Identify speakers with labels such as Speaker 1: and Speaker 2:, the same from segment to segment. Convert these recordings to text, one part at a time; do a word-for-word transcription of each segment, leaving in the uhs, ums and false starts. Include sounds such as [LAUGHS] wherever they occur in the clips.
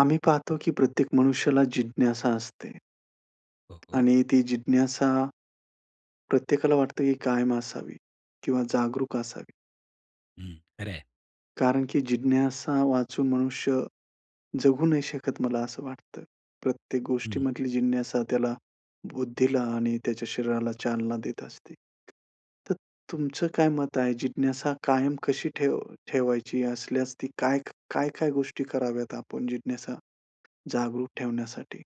Speaker 1: आम्ही पाहतो की प्रत्येक मनुष्याला जिज्ञासा असते.
Speaker 2: हो, हो.
Speaker 1: आणि ती जिज्ञासा, प्रत्येकाला वाटतं की कायम असावी किंवा जागरूक असावी.
Speaker 2: हं, खरंय.
Speaker 1: कारण की जिज्ञासेवाचून मनुष्य जगू नाही शकत, मला असं वाटतं. प्रत्येक
Speaker 2: हं.
Speaker 1: गोष्टीमधली जिज्ञासा त्याला बुद्धीला आणि त्याच्या शरीराला चालना देत असते. तर तुमचं काय मत आहे, जिज्ञासा कायम कशी ठेव ठेवायची असल्यास, ती काय, काय-काय गोष्टी कराव्यात आपण जिज्ञासा जागरूक ठेवण्यासाठी?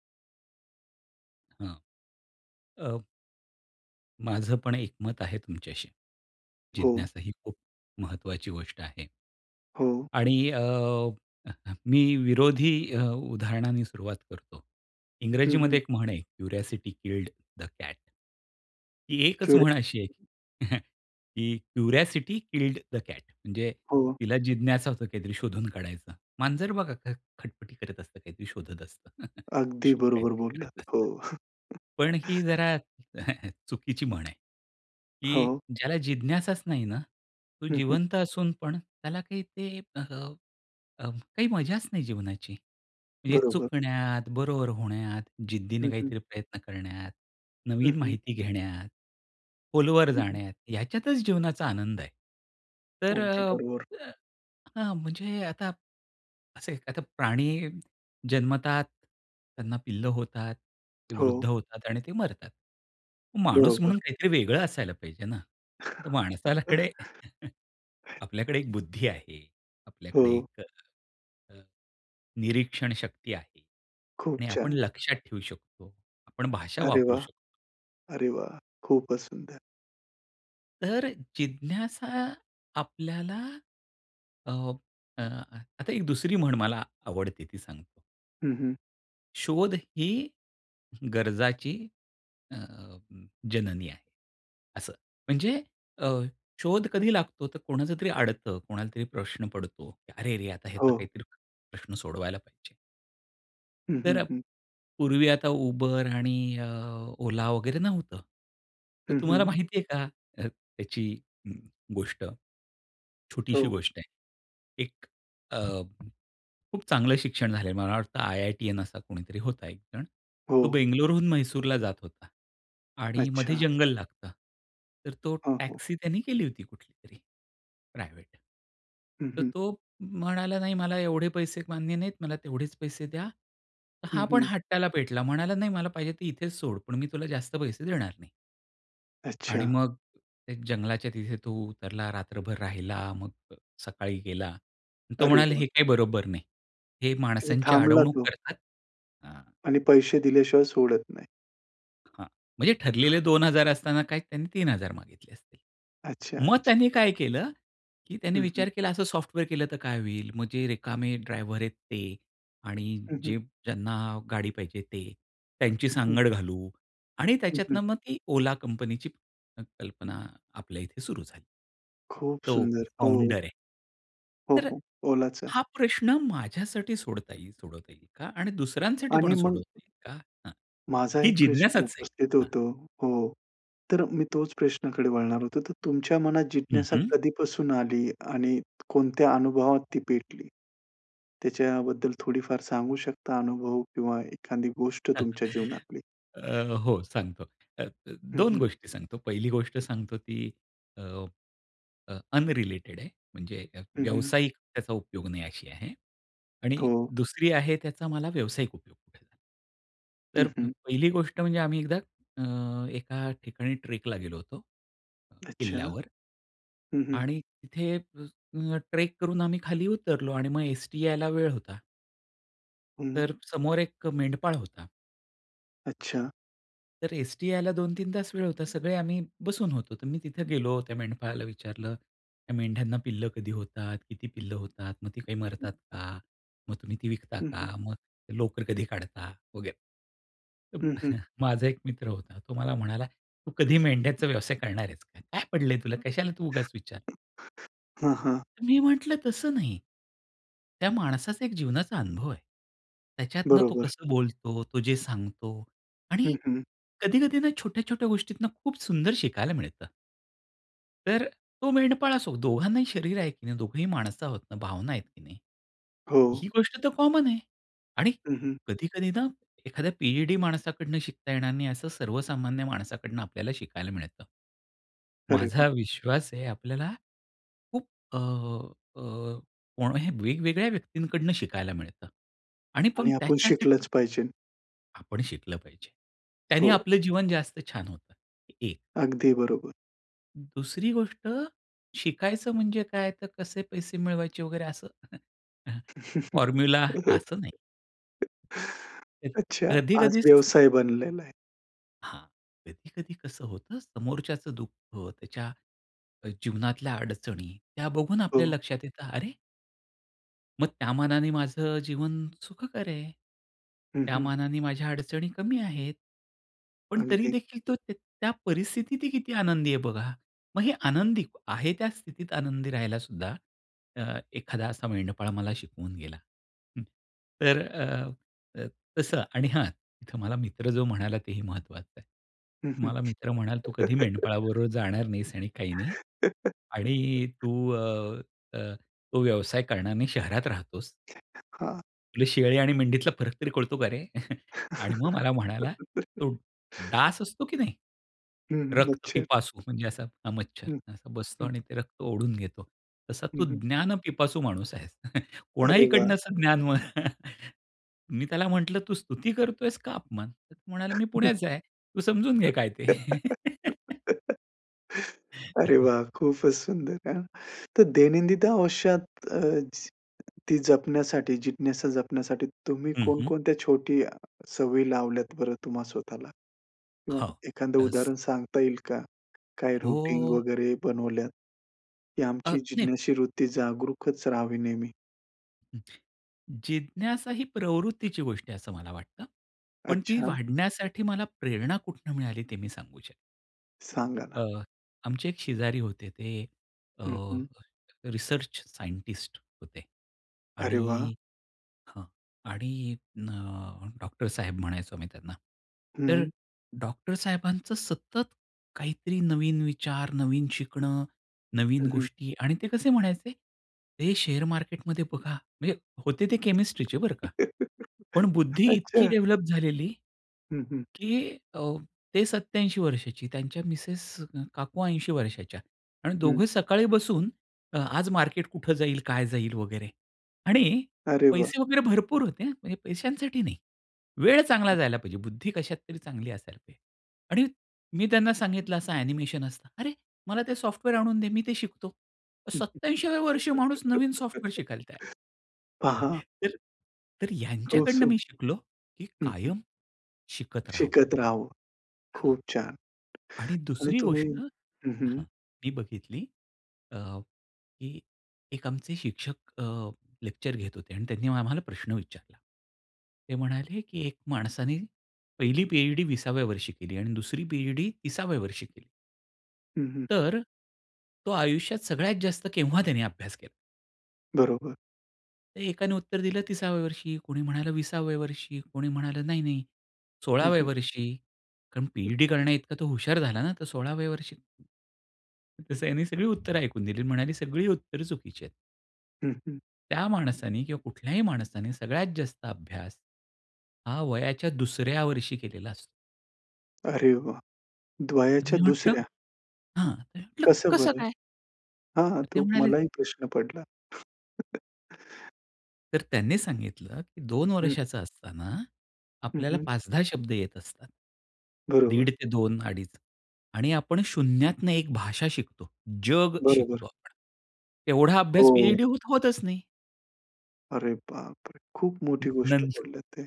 Speaker 2: हां. अ माझं पण एकमत आहे तुमच्याशी.
Speaker 1: हो.
Speaker 2: जिज्ञासा ही खूप महत्वाची गोष्ट आहे.
Speaker 1: हो.
Speaker 2: आणि अ, मी विरोधी अ, उदाहरणांनी सुरुवात करतो.
Speaker 1: हं,
Speaker 2: इंग्रजीमध्ये
Speaker 1: हं.
Speaker 2: एक म्हण आहे क्युरिओसिटी किल्ड द कॅट. ती एकच
Speaker 1: क्युरे
Speaker 2: म्हण अशी आहे. [CHUCKLES] की क्युरिओसिटी किल्ड द कॅट म्हणजे
Speaker 1: हो.
Speaker 2: तिला जिज्ञासा असते, काहीतरी शोधून काढायचं. मांजर बघा अ, ख खटपटी करत असतं काहीतरी शोधत असतं. [CHUCKLES]
Speaker 1: अगदी बरोबर
Speaker 2: काहीतरी
Speaker 1: बोललात.
Speaker 2: करत
Speaker 1: हो
Speaker 2: असतं. पण ही
Speaker 1: [CHUCKLES]
Speaker 2: जरा [CHUCKLES] चुकीची म्हण आहे. की
Speaker 1: हो.
Speaker 2: ज्याला जिज्ञासाच नाही ना, तो
Speaker 1: हं, हं.
Speaker 2: जिवंत असून पण त्याला काही ते अ, अ, काही मजाच नाही जीवनाची. म्हणजे
Speaker 1: बरोबर.
Speaker 2: चुकण्यात, बरोबर होण्यात,
Speaker 1: हं,
Speaker 2: जिद्दीने
Speaker 1: हं.
Speaker 2: काहीतरी प्रयत्न करण्यात,
Speaker 1: हं,
Speaker 2: नवीन
Speaker 1: हं.
Speaker 2: माहिती घेण्यात, खोलवर
Speaker 1: हं, हं.
Speaker 2: जाण्यात, ह्याच्यातच जीवनाचा आनंद आहे. तर
Speaker 1: अगदी
Speaker 2: अ,
Speaker 1: बरोबर.
Speaker 2: अ, हां म्हणजे आता असे आता प्राणी जन्मतात, त्यांना पिल्लं होतात, ती वृद्ध
Speaker 1: हो.
Speaker 2: होतात आणि ते मरतात. माणूस
Speaker 1: बरोबर.
Speaker 2: म्हणून काहीतरी वेगळं असायला पाहिजे ना? तर माणसालकडे [CHUCKLES]
Speaker 1: [CHUCKLES]
Speaker 2: ...आपल्याकडे एक बुद्धी आहे, आपल्याकडे
Speaker 1: हो.
Speaker 2: एक अ, निरीक्षण शक्ती आहे
Speaker 1: खूप
Speaker 2: आणि आपण
Speaker 1: छान.
Speaker 2: लक्षात ठेऊ शकतो, आपण भाषा
Speaker 1: अरे
Speaker 2: वापरू
Speaker 1: वाह!
Speaker 2: शकतो.
Speaker 1: अरे वाह! खूपच सुंदर.
Speaker 2: तर जिज्ञासा आपल्याला, अ, अ, आता एक दुसरी म्हण मला आवडते ती सांग
Speaker 1: हं, हं.
Speaker 2: "शोध ही गरजाची अ, जननी आहे," असं म्हणजे अ, शोध कधी लागतो? तर कोणाचंतरी अडतं, कोणालातरी प्रश्न पडतो की, अरे रे, आता ह्याचा
Speaker 1: हो.
Speaker 2: काहीतरी प्रश्न सोडवायला पाहिजे.
Speaker 1: हं,
Speaker 2: तर
Speaker 1: हं,
Speaker 2: अ,
Speaker 1: हं.
Speaker 2: पूर्वी आता Uber आणि अ, Ola वगैरे नव्हतं. तर
Speaker 1: हं,
Speaker 2: तुम्हाला
Speaker 1: हं.
Speaker 2: माहिती आहे का अ, याची ग गोष्ट? छोटीशी
Speaker 1: हो.
Speaker 2: गोष्ट आहे. एक अ, खूप चांगलं शिक्षण झालेलं, मला वाटतं आयआयटीअन असा कोणीतरी होता. एकजण तो
Speaker 1: हो.
Speaker 2: बेंगलोरहून म्हैसूरला जात होता आणि मध्ये
Speaker 1: अच्छा!
Speaker 2: जंगल लागतं. तर तो
Speaker 1: हो, हो.
Speaker 2: टॅक्सी त्यांनी केली होती, कुठलीतरी प्रायव्हेट.
Speaker 1: हं,
Speaker 2: तर
Speaker 1: हं.
Speaker 2: तो म्हणाला, "नाही, मला एवढे पैसे मान्य नाहीत, मला तेवढेच पैसे द्या." हा
Speaker 1: हं,
Speaker 2: पण
Speaker 1: हं.
Speaker 2: हट्टाला पेटला, म्हणाला, "नाही, मला पाहिजे ते इथेच सोड, पण मी तुला जास्त पैसे देणार नाही." आणि
Speaker 1: अच्छा!
Speaker 2: मग त्या जंगलाच्या तिथे तो उतरला, रात्रभर राहिला मग अ, सकाळी गेला. तो
Speaker 1: अरे
Speaker 2: म्हणाला
Speaker 1: वाह!
Speaker 2: हे काही बरोबर नाही. हे
Speaker 1: तिथे
Speaker 2: माणसांची
Speaker 1: थांबला
Speaker 2: अडवणूक
Speaker 1: तो.
Speaker 2: करतात. हां.
Speaker 1: आणि पैसे दिल्याशिवाय सोडत नाही.
Speaker 2: हां, म्हणजे ठरलेले दोन हजार असताना काय, त्यांनी तीन हजार मागितले असतील.
Speaker 1: अच्छा,
Speaker 2: मग
Speaker 1: अच्छा.
Speaker 2: त्यांनी काय केलं? की त्यांनी
Speaker 1: हं, हं.
Speaker 2: विचार केला, असं सॉफ्टवेअर केलं तर काय होईल? मग जे रिकामे ड्रायव्हर आहेत ते, आणि
Speaker 1: हं, हं.
Speaker 2: जे ज्यांना गाडी पाहिजे ते, त्यांची
Speaker 1: हं, हं.
Speaker 2: सांगड घालू. आणि
Speaker 1: हं, हं.
Speaker 2: त्याच्यातनं मग ती ओला कंपनीची क कल्पना आपल्या इथे सुरू झाली.
Speaker 1: खूप
Speaker 2: तो
Speaker 1: सुंदर. हो.
Speaker 2: फाउंडर आहे.
Speaker 1: हो,
Speaker 2: तर
Speaker 1: हो. ओलाचा.
Speaker 2: हा प्रश्न माझ्यासाठी सोडवता येईल, थोडफार काही का? आणि दुसऱ्यांसाठी पण
Speaker 1: आणि मग
Speaker 2: सोडवता येईल का? हां,
Speaker 1: माझा
Speaker 2: ही
Speaker 1: एक प्रश्न
Speaker 2: जिज्ञासाच आहे,
Speaker 1: उपस्थित
Speaker 2: हां.
Speaker 1: होतो, हो. तर मी तोच प्रश्नाकडे वळणार होतो, तर तुमच्या मनात
Speaker 2: हं,
Speaker 1: जिज्ञासा
Speaker 2: हं.
Speaker 1: कधीपासून आली, आणि कोणत्या अनुभवात ती पेटली? त्याच्याबद्दल थोडीफार सांगू शकता अनुभव, किंवा एखादी गोष्ट तुमच्या
Speaker 2: [CHUCKLES] अ,
Speaker 1: जीवनातली?
Speaker 2: हो, सांगतो. अ, अ,
Speaker 1: हं,
Speaker 2: दोन
Speaker 1: हं.
Speaker 2: गोष्टी सांगतो, पहिली गोष्ट सांगतो ती, अ, अ, अनरिलेटेड आहे. म्हणजे अ,
Speaker 1: हं, हं.
Speaker 2: व्यावसायिक त्याचा उपयोग नाही अशी आहे. आणि
Speaker 1: हो.
Speaker 2: दुसरी आहे, त्याचा मला व्यावसायिक उपयोग कुठे झाला.
Speaker 1: हं,
Speaker 2: तर
Speaker 1: हं.
Speaker 2: पहिली गोष्ट म्हणजे आम्ही एकदा अ, एका ठिकाणी ट्रेकला गेलो होतो.
Speaker 1: अच्छा.
Speaker 2: किल्ल्यावर
Speaker 1: हं, हं.
Speaker 2: आणि तिथे, अ, ल ट्रेक करून आम्ही खाली उतरलो, आणि मग एसटी यायला वेळ होता.
Speaker 1: हं.
Speaker 2: तर समोर एक मेंढपाळ होता.
Speaker 1: अच्छा.
Speaker 2: तर एसटी यायला दोन तीन तास वेळ होता. सगळे आम्ही बसून होतो. तर मी तिथे गेलो. त्या मेंढपाळाला विचारलं, "त्या मेंढ्यांना पिल्लं कधी होतात? किती पिल्लं होतात? मग ती काही
Speaker 1: हं.
Speaker 2: मरतात का? मग तुम्ही ती विकता
Speaker 1: हं,
Speaker 2: का?
Speaker 1: हं.
Speaker 2: मग लोकर कधी काढता?" वगैरे. तर
Speaker 1: हं, हं.
Speaker 2: [CHUCKLES] माझा एक मित्र होता. तो मला म्हणाला, तू कधी मेंढ्याचा व्यवसाय करणार आहेस का? काय पडलंय तुला? कशाला तू उगाच विचार
Speaker 1: हां, हां.
Speaker 2: मी म्हटलं तसं नाही. त्या माणसाचा एक जीवनाचा अनुभव आहे. त्याच्यातनं तो
Speaker 1: बरोबर.
Speaker 2: कसं बोलतो, तो जे सांगतो आणि
Speaker 1: हं, हं.
Speaker 2: कधी-कधी ना छोट्या-छोट्या गोष्टीतून खूप सुंदर शिकायला मिळतं. तर तो मेंढपाळ असो दोघांनाही शरीर आहे की नाही? दोघंही माणसं आहोत ना, भावना आहेत की नाही?
Speaker 1: हो.
Speaker 2: ही गोष्ट तर कॉमन आहे आणि
Speaker 1: हं, हं.
Speaker 2: कधी-कधी ना एखाद्या पी-एच-डी माणसाकडनं शिकता येणार नाही असं सर्वसामान्य माणसाकडनं आपल्याला शिकायला मिळतं.
Speaker 1: अरे
Speaker 2: माझा
Speaker 1: वा!
Speaker 2: विश्वास आहे आपल्याला, खूप अ, अ, कोण्याही वेगवेगळ्या व्यक्तींकडून शिकायला मिळतं आणि पण
Speaker 1: आणि आपण
Speaker 2: त्याच्यासाठी
Speaker 1: शिकलचं पाहिजे.
Speaker 2: आपण शिकलं पाहिजे. त्यांनी
Speaker 1: हो.
Speaker 2: आपलं जीवन जास्त छान होतं, एक.
Speaker 1: अगदी बरोबर.
Speaker 2: दुसरी गोष्ट, शिकायचं म्हणजे काय तर कसे पैसे मिळवायचे वगैरे असं. [CHUCKLES] अ,
Speaker 1: [CHUCKLES]
Speaker 2: फॉर्म्युला असं नाही. तर
Speaker 1: अच्छा. आज
Speaker 2: कधी-कधी
Speaker 1: व्यवसाय बनलेला आहे.
Speaker 2: हां. कधी-कधी कसं होतं समोरच्याचं दुःख त्याच्या जीवनातल्या अडचणी, त्या बघून आपल्या
Speaker 1: हो.
Speaker 2: लक्षात येतं अरे मग त्या मानाने माझं जीवन सुखकर आहे?
Speaker 1: हं,
Speaker 2: त्या
Speaker 1: हं.
Speaker 2: मानाने माझ्या अडचणी कमी आहेत. पण तरी
Speaker 1: अगदी.
Speaker 2: देखील तो त त्या परिस्थितीत ही किती आनंदी आहे बघा. मग हे आनंदी आहे त्या स्थितीत आनंदी राहायला सुद्धा, अ, एखादा असा मेंढपाळ मला शिकवून गेला. हं, तर अ, अ, तसं आणि हां, इथं मला मित्र जो म्हणाला तेही महत्वाचं आहे.
Speaker 1: हं, हं.
Speaker 2: मला मित्र म्हणाला तू कधी
Speaker 1: [CHUCKLES]
Speaker 2: मेंढपाळाबरोबर जाणार नाहीस आणि काही नाही. आणि
Speaker 1: [CHUCKLES]
Speaker 2: तू अ, अ, तो व्यवसाय करणार नाही शहरात राहतोस
Speaker 1: [UNINTELLIGIBLE] हां.
Speaker 2: तुला शेळी आणि मेंढीतला फरक तरी कळतो का रे? [CHUCKLES] आणि मग मला म्हणाला
Speaker 1: [LAUGHS]
Speaker 2: तो डास असतो की नाही?
Speaker 1: हं, हं,
Speaker 2: रक्त
Speaker 1: अच्छा.
Speaker 2: पिपासू म्हणजे असा अ, मच्छर
Speaker 1: हं.
Speaker 2: असा बसतो
Speaker 1: हं.
Speaker 2: आणि ते रक्त ओढून घेतो. तसा
Speaker 1: हं,
Speaker 2: तू
Speaker 1: हं.
Speaker 2: ज्ञान पिपासू माणूस आहेस. [CHUCKLES]
Speaker 1: अरे
Speaker 2: कोणाही कडनं
Speaker 1: वाह!
Speaker 2: असं ज्ञान [CHUCKLES] मी त्याला म्हंटलं, "तू स्तुती करतोयेस का अपमान?" तो म्हणाला, "मी
Speaker 1: [CHUCKLES]
Speaker 2: पुण्याचा आहे, तू समजून घे काय ते."
Speaker 1: [LAUGHS] अरे वाह! खूपच
Speaker 2: [LAUGHS]
Speaker 1: सुंदर. हां. तर दैनंदित आयुष्यात अ, ती जपण्यासाठी जिज्ञासा जपण्यासाठी तुम्ही
Speaker 2: हं, हं.
Speaker 1: कोण-कोणत्या छोटी सवयी लावल्यात बरं तुम्हा स्वतःला? किंवा
Speaker 2: हां.
Speaker 1: एखादं
Speaker 2: येस.
Speaker 1: उदाहरण सांगता येईल का? काय रूटीन
Speaker 2: हो.
Speaker 1: वगैरे बनवल्यात. ही
Speaker 2: अ,
Speaker 1: आमची
Speaker 2: नाही.
Speaker 1: जिज्ञाशी वृत्ती जागरूकच राहावी नेहमी?
Speaker 2: जिज्ञासा ही प्रवृत्तीची गोष्ट आहे असं मला वाटतं. पण ती
Speaker 1: अच्छा.
Speaker 2: वाढण्यासाठी मला प्रेरणा कुठून मिळाली ते मी सांगू शकतो.
Speaker 1: सांगा ना?
Speaker 2: अ, आमचे एक शेजारी होते. ते अ,
Speaker 1: हं, हं.
Speaker 2: रिसर्च सायंटिस्ट होते
Speaker 1: अरे वाह!
Speaker 2: आणि हां आणि अ, डॉक्टर साहेब म्हणायचो आम्ही त्यांना. तर
Speaker 1: हं.
Speaker 2: डॉक्टर साहेबांचं सतत काहीतरी नवीन विचार, नवीन शिकणं, नवीन
Speaker 1: हं, हं.
Speaker 2: गोष्टी आणि ते कसे म्हणायचे हे शेअर मार्केटमध्ये बघा म्हणजे होते ते केमिस्ट्रीचे बरं का.
Speaker 1: [CHUCKLES]
Speaker 2: पण बुद्धी इतकी
Speaker 1: अच्छा!
Speaker 2: डेव्हलप झालेली,
Speaker 1: हं, हं.
Speaker 2: की अ, ते सत्त्याऐंशी वर्षाची त्यांच्या मिसेस अ, काकू ऐंशी वर्षाच्या आणि
Speaker 1: हं.
Speaker 2: दोघे सकाळी बसून अ, आज मार्केट कुठं जाईल? काय जाईल? वगैरे आणि
Speaker 1: अरे वाह!
Speaker 2: पैसे वगैरे भरपूर होते हा. म्हणजे पैशांसाठी नाही. वेळ चांगला जायला पाहिजे, बुद्धी कशात तरी चांगली असायला पाहिजे आणि मी त्यांना सांगितलं, "असं ॲनिमेशन असतं." "अरे मला ते सॉफ्टवेअर आणून दे मी ते शिकतो." सत्त्याऐंशीव्या वर्षी माणूस नवीन
Speaker 1: [LAUGHS]
Speaker 2: सॉफ्टवेअर शिकायला तयार आहे. [CHUCKLES]
Speaker 1: पहा
Speaker 2: तर तर ह्यांच्याकडनं
Speaker 1: कौसुख.
Speaker 2: मी शिकलो, की
Speaker 1: हं, हं.
Speaker 2: कायम शिकत राहावं.
Speaker 1: शिकत राहावं.
Speaker 2: हां.
Speaker 1: खूप छान
Speaker 2: आणि
Speaker 1: आणि
Speaker 2: दुसरी
Speaker 1: तुम्ही
Speaker 2: गोष्ट
Speaker 1: हं, हं.
Speaker 2: हां, मी बघितली अ, की एक आमचे शिक्षक अ, लेक्चर घेत होते आणि त्यांनी म आम्हाला प्रश्न विचारला. ते म्हणाले की, "एक माणसाने पहिली पीएचडी विसाव्या वर्षी केली आणि दुसरी पीएचडी तिसाव्या वर्षी केली.
Speaker 1: हं, हं.
Speaker 2: तर तो आयुष्यात सगळ्यात जास्त केव्हा त्यांनी अभ्यास केला?
Speaker 1: बरोबर.
Speaker 2: एकाने उत्तर दिलं तिसाव्या वर्षी, कोणी म्हणालं विसाव्या वर्षी, कोणी म्हणालं नाही, नाही,
Speaker 1: हं,
Speaker 2: सोळाव्या
Speaker 1: हं.
Speaker 2: वर्षी कारण पी-एच-डी करण्याइतका तो हुशार झाला ना, तर सोळाव्या वर्षी, तसं त्यांनी सगळी उत्तर ऐकून दिली आणि म्हणाली सगळी उत्तर चुकीची आहेत.
Speaker 1: हं, हं.
Speaker 2: त्या माणसाने किंवा कुठल्याही माणसाने सगळ्यात जास्त अभ्यास, हा वयाच्या दुसऱ्या वर्षी केलेला असतो.
Speaker 1: अरे वाह! द्वयाच्या
Speaker 2: मी म्हंटलं,
Speaker 1: दुसऱ्या.
Speaker 2: हां म्हटलं
Speaker 1: कसं
Speaker 2: कसं
Speaker 1: बरं?
Speaker 2: काय?
Speaker 1: हां, हां
Speaker 2: तर ते
Speaker 1: तो
Speaker 2: म्हणाले
Speaker 1: मलाही प्रश्न पडला. [CHUCKLES]
Speaker 2: तर त्यांनी सांगितलं, की दोन
Speaker 1: हं.
Speaker 2: वर्षाचा असताना
Speaker 1: हं,
Speaker 2: आपल्याला
Speaker 1: हं.
Speaker 2: पाच दहा शब्द येत असतात.
Speaker 1: बरोबर.
Speaker 2: दीड ते दोन अडीच आणि आपण शून्यातनं एक भाषा शिकतो. जग शिकतो.
Speaker 1: बरोबर.
Speaker 2: आपण एवढा अभ्यास
Speaker 1: हो.
Speaker 2: पी-एच-डी होत-होतच नाही.
Speaker 1: अरे बापरे! खूप
Speaker 2: न,
Speaker 1: मोठी गोष्ट
Speaker 2: नंतर
Speaker 1: बोललेत ते.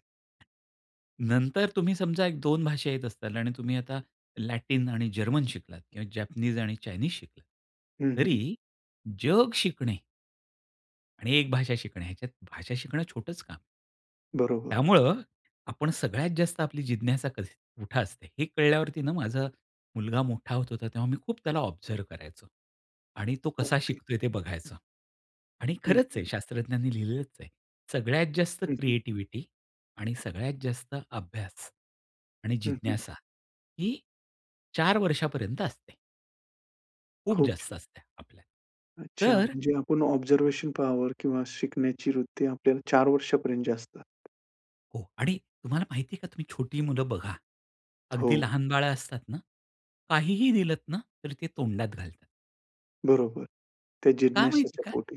Speaker 2: नंतर तुम्ही समजा एक दोन भाषा येत असताल आणि तुम्ही आता लॅटिन आणि जर्मन शिकलात किंवा जॅपनीज आणि चाइन्स शिकलात
Speaker 1: हं, हं.
Speaker 2: तरी जग शिकणे. आणि एक भाषा शिकणं. ह्याच्यात भाषा शिकणं छोटच काम.
Speaker 1: बरोबर.
Speaker 2: त्यामुळं आपण सगळ्यात जास्त आपली जिज्ञासा कशी कुठं असते, हे कळल्यावरती ना माझं मुलगा मोठा होत होता तेव्हा मी खूप त्याला ऑब्झर्व्ह करायचो आणि तो कसा
Speaker 1: अगदी.
Speaker 2: शिकतोय ते बघायचं. आणि
Speaker 1: हं,
Speaker 2: खरंच
Speaker 1: हं.
Speaker 2: आहे शास्त्रज्ञांनी लिहिलेलंच आहे. सगळ्यात जास्त
Speaker 1: हं, हं.
Speaker 2: क्रिएटिव्हिटी आणि सगळ्यात जास्त अभ्यास आणि
Speaker 1: हं, हं.
Speaker 2: जिज्ञासा ही चार वर्षापर्यंत असते. खूप
Speaker 1: खूप
Speaker 2: जास्त
Speaker 1: छान.
Speaker 2: असत्या आपल्या.
Speaker 1: अच्छा!
Speaker 2: तर
Speaker 1: म्हणजे आपण ऑब्झर्वेशन पावर किंवा शिकण्याची वृत्ती आपल्याला चार वर्षापर्यंतची असतात.
Speaker 2: हो आणि तुम्हाला माहिती आहे का? तुम्ही छोटी मुलं बघा. अगदी
Speaker 1: हो.
Speaker 2: लहान बाळं असतात ना काहीही दिलत ना, तर ते तोंडात घालतात.
Speaker 1: बरोबर. त्या
Speaker 2: का माहिती
Speaker 1: जिज्ञासाच्या
Speaker 2: आहे का?
Speaker 1: पोटी.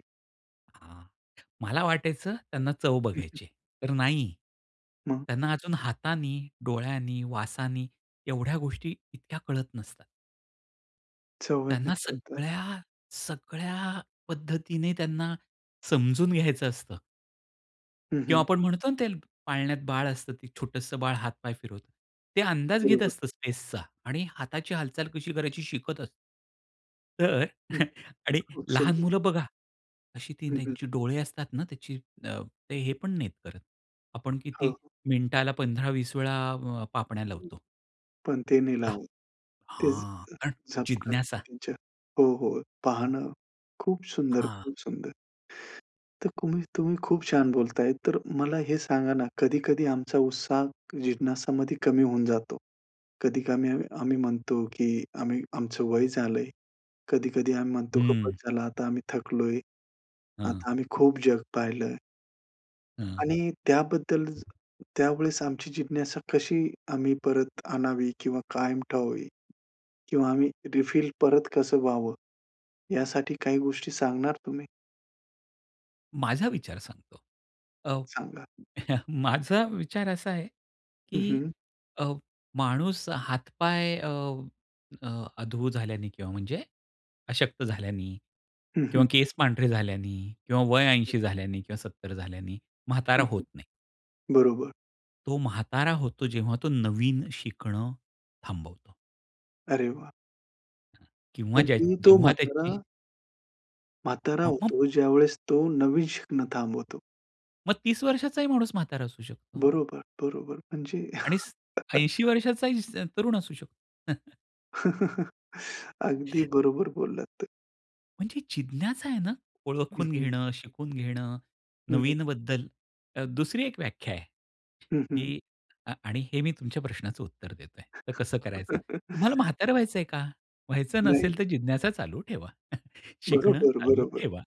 Speaker 2: हां, मला वाटायचं त्यांना चव
Speaker 1: हं, हं.
Speaker 2: बघायचीय. तर नाही.
Speaker 1: मग?
Speaker 2: त्यांना अजून हातानी, डोळ्यांनी, वासांनी एवढ्या गोष्टी इतक्या कळत नसतात.
Speaker 1: चव ह्यानी
Speaker 2: त्यांना
Speaker 1: कळतात.
Speaker 2: सगळ्या, सगळ्या पद्धतीने त्यांना समजून घ्यायचं असतं.
Speaker 1: हं,
Speaker 2: किंवा
Speaker 1: हं.
Speaker 2: आपण म्हणतो ना, ते पाळण्यात बाळ असतं ते छोटंसं बाळ हात पाय फिरवतं. ते अंदाज घेत
Speaker 1: बरोबर.
Speaker 2: असतं स्पेसचा आणि हाताची हालचाल कशी करायची शिकत असतं. तर
Speaker 1: हं.
Speaker 2: [CHUCKLES] आणि
Speaker 1: खूप
Speaker 2: लहान
Speaker 1: सुंदर.
Speaker 2: मुलं बघा अशी ती
Speaker 1: हं, हं.
Speaker 2: त्यांची डोळे असतात ना, त्याची अ, ते हे पण नाहीत करत, आपण
Speaker 1: हो,
Speaker 2: किती
Speaker 1: हो.
Speaker 2: मिनिटाला पंधरा वीस वेळा अ, पापण्या
Speaker 1: हं.
Speaker 2: लवतो.
Speaker 1: पण ते नाही
Speaker 2: हां.
Speaker 1: लावत. ते झ
Speaker 2: हां, कारण
Speaker 1: झपकत नाही
Speaker 2: जिज्ञासा.
Speaker 1: त्याच्या हो, हो पाहणं खूप सुंदर,
Speaker 2: हां.
Speaker 1: खूप सुंदर. तर तुम्ही तुम्ही खूप छान बोलताय, तर मला हे सांगा ना, कधी-कधी आमचा उत्साह जिज्ञासामध्ये कमी होऊन जातो. कधी कमी अ, आम्ही म्हणतो की आम्ही आमचं वय झालंय. कधी-कधी आम्ही म्हणतो
Speaker 2: हं.
Speaker 1: खूपच झाला आता आम्ही थकलोय.
Speaker 2: हां.
Speaker 1: आता आम्ही खूप जग पाहिलंय
Speaker 2: हं.
Speaker 1: आणि त्याबद्दल त्यावेळेस आमची जिज्ञासा कशी आम्ही परत आणावी किंवा कायम ठेवावी किंवा आम्ही रिफिल परत कसं व्हावं, यासाठी काही गोष्टी सांगणार तुम्ही?
Speaker 2: माझा विचार सांगतो. अ,
Speaker 1: सांगा.
Speaker 2: [CHUCKLES] माझा विचार असा आहे,
Speaker 1: हं,
Speaker 2: की
Speaker 1: हं.
Speaker 2: अ, माणूस हात-पाय अ, अ, अधू झाल्याने किंवा म्हणजे अशक्त झाल्याने
Speaker 1: हं,
Speaker 2: किंवा
Speaker 1: हं.
Speaker 2: केस पांढरे झाल्याने किंवा वय
Speaker 1: हं.
Speaker 2: ऐंशी झाल्याने किंवा सत्तर झाल्याने म्हातारा
Speaker 1: हं,
Speaker 2: होत
Speaker 1: हं.
Speaker 2: नाही.
Speaker 1: बरोबर.
Speaker 2: तो म्हातारा होतो जेव्हा तो नवीन शिकणं थांबवतो.
Speaker 1: अरे वाह!
Speaker 2: अ, किंवा
Speaker 1: म्हणजे
Speaker 2: ज्याची
Speaker 1: तो
Speaker 2: जेव्हा
Speaker 1: म्हातारा
Speaker 2: त्याची
Speaker 1: म्हातारा
Speaker 2: म म
Speaker 1: होतो, ज्यावेळेस तो नवीन शिकणं थांबवतो.
Speaker 2: मग तीस वर्षाचा ही माणूस म्हातारा असू शकतो.
Speaker 1: बरोबर, बरोबर. म्हणजे
Speaker 2: आणि स
Speaker 1: [CHUCKLES]
Speaker 2: ऐंशी वर्षाचा ही स तरुण असू शकतो. [CHUCKLES]
Speaker 1: [CHUCKLES] अगदी बरोबर बोललात.
Speaker 2: म्हणजे जिज्ञाच आहे ना,
Speaker 1: हं,
Speaker 2: ओळखून
Speaker 1: हं.
Speaker 2: घेणं, शिकून घेणं,
Speaker 1: हं, हं.
Speaker 2: नवीनबद्दल, अ, दुसरी एक व्याख्या आहे
Speaker 1: हं, हं.
Speaker 2: की अ आणि हे मी तुमच्या प्रश्नाचं उत्तर देतो आहे तर कसं करायचं? तुम्हाला
Speaker 1: [CHUCKLES]
Speaker 2: म्हातारं व्हायचंय का? व्हायचं
Speaker 1: नाही.
Speaker 2: नसेल तर जिज्ञासा चालू ठेवा. [CHUCKLES] शिकणं
Speaker 1: बरोबर,
Speaker 2: चालू
Speaker 1: बरोबर.
Speaker 2: ठेवा.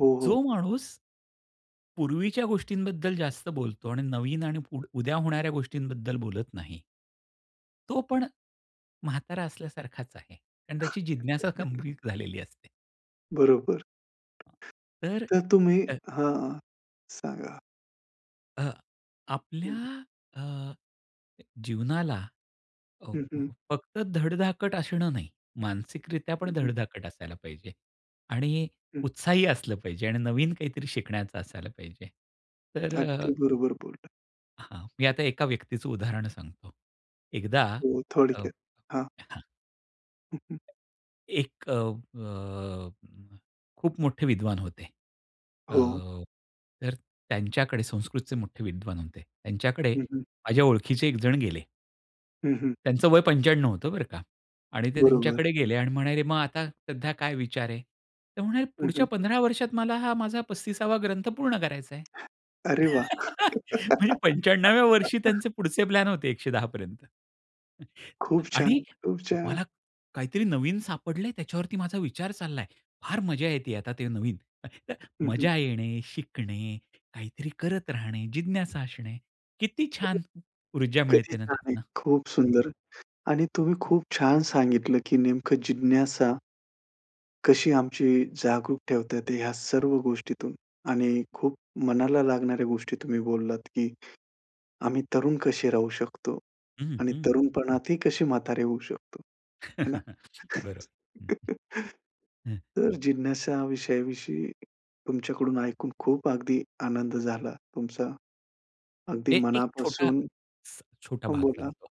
Speaker 1: हो,
Speaker 2: जो
Speaker 1: हो.
Speaker 2: माणूस पूर्वीच्या गोष्टींबद्दल जास्त बोलतो आणि नवीन आणि पुढ उद्या होणाऱ्या गोष्टींबद्दल बोलत नाही. तो पण म्हातारा असल्यासारखाच आहे कारण त्याची जिज्ञासा
Speaker 1: [CHUCKLES]
Speaker 2: गंभीर झालेली असते.
Speaker 1: बरोबर.
Speaker 2: तर
Speaker 1: तर तुम्ही
Speaker 2: अ
Speaker 1: हां, सांगा?
Speaker 2: अ,
Speaker 1: हं.
Speaker 2: आपल्या अ, अ, जीवनाला अ,
Speaker 1: हं,
Speaker 2: फ
Speaker 1: हं.
Speaker 2: फक्त धडधाकट असणं नाही मानसिकरित्या पण
Speaker 1: हं, हं.
Speaker 2: धडधाकट असायला पाहिजे आणि
Speaker 1: हं.
Speaker 2: उत्साही असलं पाहिजे आणि नवीन काहीतरी शिकण्याचं असायला पाहिजे तर अ
Speaker 1: अगदी बरोबर बोलला.
Speaker 2: हां, मी आता एका व्यक्तीचं उदाहरण सांगतो. एकदा,
Speaker 1: हो,
Speaker 2: अ,
Speaker 1: थोडक्यात हां.
Speaker 2: हां.
Speaker 1: हं, हं.
Speaker 2: एक अ, अ, खूप मोठे विद्वान होते. अ,
Speaker 1: हो.
Speaker 2: तर त्यांच्याकडे संस्कृतचे मोठे विद्वान होते. त्यांच्याकडे
Speaker 1: हं, हं.
Speaker 2: माझ्या ओळखीचे एकजण गेले.
Speaker 1: हं, हं.
Speaker 2: त्यांचं वय पंच्याण्णव होतं बरं का आणि ते
Speaker 1: बरोबर.
Speaker 2: त्यांच्याकडे गेले. आणि म्हणाले, "मग आता सध्या काय विचार आहे?" तर म्हणाले,
Speaker 1: हं,
Speaker 2: "पुढच्या
Speaker 1: हं.
Speaker 2: पंधरा वर्षात मला हा माझा पस्तीस वा ग्रंथ पूर्ण करायचा आहे.
Speaker 1: अरे वाह!
Speaker 2: [LAUGHS] म्हणजे पंचाण्णव व्या वर्षी
Speaker 1: [LAUGHS]
Speaker 2: त्यांचे पुढचे प्लॅन होते एकशे दहा पर्यंत. [CHUCKLES]
Speaker 1: खूप
Speaker 2: आणि
Speaker 1: छान, खूप छान!
Speaker 2: मला काहीतरी नवीन सापडलंय, त्याच्यावरती माझा विचार चाललाय. फार मजा येते आता ते नवीन. [UNINTELLIGIBLE]
Speaker 1: हं, हं.
Speaker 2: मजा येणे, शिकणे, काहीतरी करत राहणे, जिज्ञासा असणे. किती
Speaker 1: हो, हो.
Speaker 2: छान ऊर्जा
Speaker 1: किती
Speaker 2: मिळते ना
Speaker 1: छान आहे.
Speaker 2: त्यातनं.
Speaker 1: खूप सुंदर आणि तुम्ही खूप छान सांगितलं. की नेमकं जिज्ञासा कशी आमची जागरूक ठेवता येते, ह्या सर्व गोष्टीतून. आणि खूप मनाला लागणाऱ्या गोष्टी तुम्ही बोललात, की आम्ही तरुण कसे राहू शकतो.
Speaker 2: हं, हं.
Speaker 1: आणि
Speaker 2: हं.
Speaker 1: तरुणपणातही कशी म्हातारे होऊ शकतो? है ना?
Speaker 2: [CHUCKLES] बरोबरं.
Speaker 1: [CHUCKLES]
Speaker 2: हं, हं. हं.
Speaker 1: तर जिज्ञासा विषयाविषयी तुमच्याकडून ऐकून खूप अगदी आनंद झाला, तुमचा अगदी
Speaker 2: हे एक छोटा,
Speaker 1: मनापासून
Speaker 2: छोटा
Speaker 1: हां
Speaker 2: भाग
Speaker 1: बोला.
Speaker 2: सांगतो.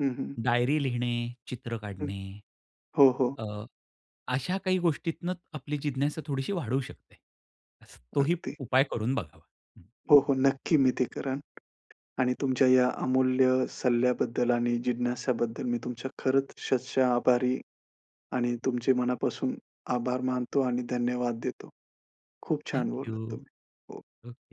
Speaker 1: हं, हं.
Speaker 2: डायरी लिहिणे, चित्र
Speaker 1: हं.
Speaker 2: काढणे,
Speaker 1: हो, हो.
Speaker 2: अ, अशा काही गोष्टीतनं आपली जिज्ञासा थोडीशी वाढू शकते. तोही
Speaker 1: अगदी.
Speaker 2: उपाय करून बघावा हं.
Speaker 1: हो, हो. नक्की मी ते करेन. आणि तुमच्या या अमूल्य सल्ल्याबद्दल आणि जिज्ञासाबद्दल मी तुमच्या खरंच शतशः आभारी. आणि तुमचे मनापासून आभार मानतो आणि धन्यवाद देतो. खूप
Speaker 2: थँक
Speaker 1: छान बोललात
Speaker 2: यू.
Speaker 1: तुम्ही. हो.
Speaker 2: ओके.